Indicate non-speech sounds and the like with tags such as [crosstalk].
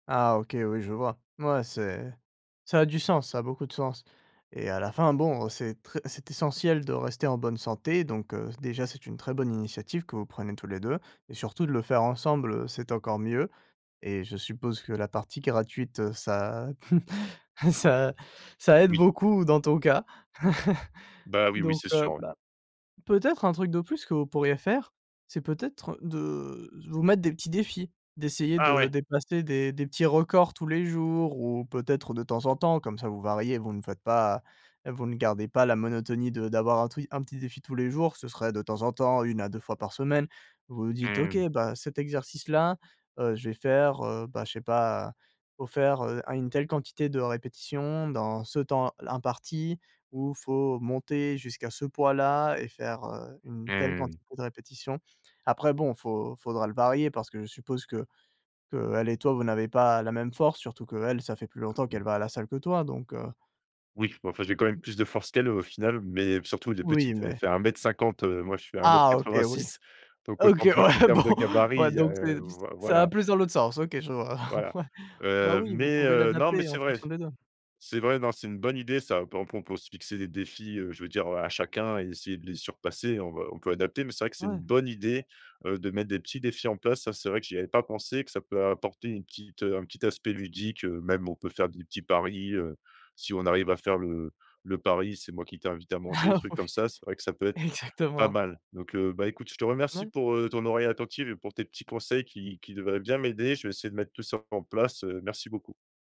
Ah, OK, oui, je vois. Ouais, c'est ça a du sens, ça a beaucoup de sens. Et à la fin, bon c'est très c'est essentiel de rester en bonne santé, donc, heu, déjà c'est une très bonne initiative que vous prenez tous les 2. Et surtout de le faire ensemble, heu, c'est encore mieux. Et je suppose que la partie gratuite, heu ça [chuckles] ça ça aide Oui. beaucoup dans ton cas. [chuckles] Bah, oui, oui, Donc c'est heu, sûr, ouais. bah, peut-être un truc de plus que vous pourriez faire, c'est peut-être de vous mettre des petits défis. D'essayer Ah, de ouais. dépasser des des petits records tous les jours ou, peut-être, de temps en temps, comme ça vous variez, vous ne faites pas vous ne gardez pas la monotonie de d'avoir un tru un petit défi tous les jours. Ce serait, de temps en temps, 1 à 2 fois par semaine. Vous vous dites: «OK, Mmh. bah, cet exercice-là, heu, je vais faire, heu, bah, je sais pas, il faut faire, heu, un une telle quantité de répétitions dans ce temps l imparti. Ou faut monter jusqu'à ce poids-là et faire, heu, une telle Mmh. quantité de répétitions». Après bon, faut faudra le varier parce que je suppose que qu'elle et toi vous n'avez pas, la même force, surtout qu'elle ça fait plus longtemps qu'elle [unintelligible] va à la salle que toi, donc, heu. Oui, mais enfin j'ai quand même Mmh. plus de force qu'elle, au final. Mais surtout, elle est Oui, petite, elle mais fait 1 m 50, heu, moi je fais à un mètre Ah, OK, quatre-vingt oui! six. Donc, OK, autant dire, qu'en ouais, bon, termes de ouais gabarit, donc heu, c'est voi ça va voilà. plus dans l'autre sens, OK, je vois. Voilà, ouais. Bah heu, oui, vous mais pouvez heu, non, mais l'adapter en c'est vrai, fonction des 2. c'est vrai, non, c'est une bonne idée ça. On peut on peut aussi se fixer des défis, heu, je veux dire, heu, à chacun et essayer de les surpasser. On va on peut adapter, mais c'est vrai que c'est une Ouais. bonne idée, heu, de mettre des petits défis en place, ça c'est vrai que j'y avais pas pensé, que ça peut apporter une petite heu, un petit aspect ludique, heu. Même on peut faire des petits paris, heu, si on arrive à faire le le pari: «C'est moi qui t'invite à manger», des Ah, trucs comme ouais. ça, c'est vrai que ça peut être pas Exactement. mal. Donc, heu, bah, écoute, je te remercie Ouais. pour, heu, ton oreille attentive et pour tes petits conseils qui qui devraient bien m'aider. Je vais essayer de mettre tout ça en place, heu, merci beaucoup.